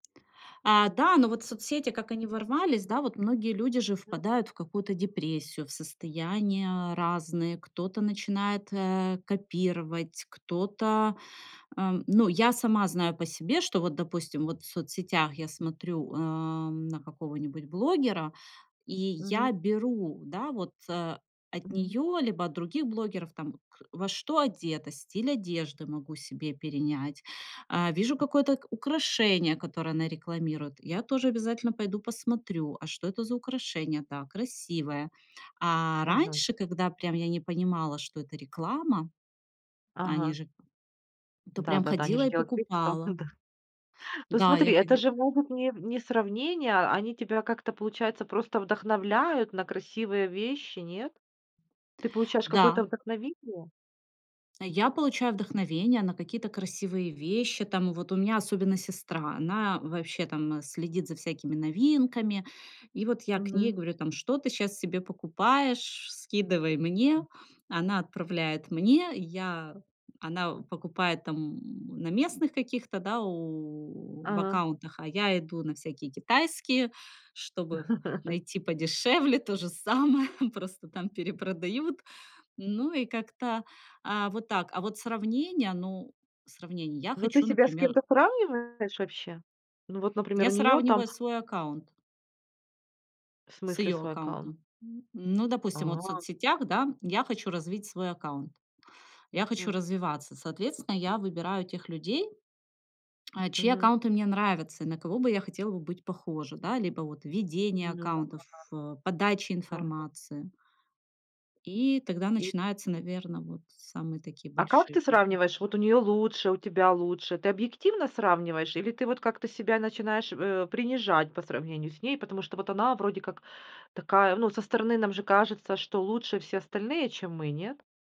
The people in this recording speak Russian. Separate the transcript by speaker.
Speaker 1: А, да, но вот соцсети, как они ворвались, да, вот многие люди же
Speaker 2: М.
Speaker 1: впадают в какую-то депрессию, в состояния разные. Кто-то начинает, э, копировать, кто-то, э Ну, я сама знаю по себе, что вот, допустим, вот в соцсетях я смотрю, эм, на какого-нибудь блогера, и
Speaker 2: Мгм.
Speaker 1: я беру, да вот, э, от
Speaker 2: М.
Speaker 1: нее, либо от других блогеров, там, вот к во что одета, стиль одежды могу себе перенять, а, вижу какое-то украшение, которое она рекламирует, я тоже обязательно пойду посмотрю- а что это за украшение? Да, красивое. А,
Speaker 2: Мгм.
Speaker 1: раньше, когда прям я не понимала, что это реклама, а они
Speaker 2: Ага.
Speaker 1: же То прям
Speaker 2: Да-да-да, они
Speaker 1: ходила
Speaker 2: же
Speaker 1: и
Speaker 2: делают вид, что
Speaker 1: покупала.
Speaker 2: да. Ну,
Speaker 1: Да я
Speaker 2: смотри, это
Speaker 1: ходи
Speaker 2: же могут не в не сравнение, а они тебя как-то, получается, просто вдохновляют на красивые вещи, нет? Ты получаешь какое-то
Speaker 1: Да.
Speaker 2: вдохновение?
Speaker 1: Я получаю вдохновение на какие-то красивые вещи там, вот. У меня особенно сестра, она вообще там, э, следит за всякими новинками. И вот я к ней,
Speaker 2: Мгм.
Speaker 1: говорю там: "Что ты сейчас себе покупаешь? Скидывай мне". Она отправляет мне, и я она покупает там, м, на местных каких-то, да, у в
Speaker 2: Ага.
Speaker 1: аккаунтах, а я иду на всякие китайские, чтобы найти подешевле то же самое, просто там перепродают. Ну и как-то, а, вот так. А вот сравнение, ну, сравнение- я
Speaker 2: Ну ты
Speaker 1: хочу,
Speaker 2: себя с
Speaker 1: например
Speaker 2: кем-то сравниваешь вообще? Ну, вот, например,
Speaker 1: Я
Speaker 2: у нее
Speaker 1: сравниваю
Speaker 2: там
Speaker 1: свой аккаунт.
Speaker 2: В
Speaker 1: С
Speaker 2: смысле
Speaker 1: ее
Speaker 2: свой аккаунт?
Speaker 1: аккаунтом. М, ну, допустим, вот в
Speaker 2: А.
Speaker 1: соцсетях, да, я хочу развить свой аккаунт, я хочу
Speaker 2: М.
Speaker 1: развиваться. Соответственно, я выбираю тех людей, а, чьи
Speaker 2: Мгм.
Speaker 1: аккаунты мне нравятся, и на кого бы я хотела бы быть похожа. Да, либо вот ведение
Speaker 2: Мгм.
Speaker 1: аккаунтов, ф подача
Speaker 2: Да-да-да. Мгм.
Speaker 1: информации. И тогда
Speaker 2: И
Speaker 1: начинаются, наверно, вот самые такие
Speaker 2: А как
Speaker 1: большие
Speaker 2: ты
Speaker 1: проблемы.
Speaker 2: сравниваешь: вот у нее лучше, у тебя лучше? Ты объективно сравниваешь, или ты вот как-то себя начинаешь, э, принижать, по сравнению с ней? Потому что вот она, вроде как, такая, ну, со стороны нам же кажется, что лучше все остальные, чем мы, нет?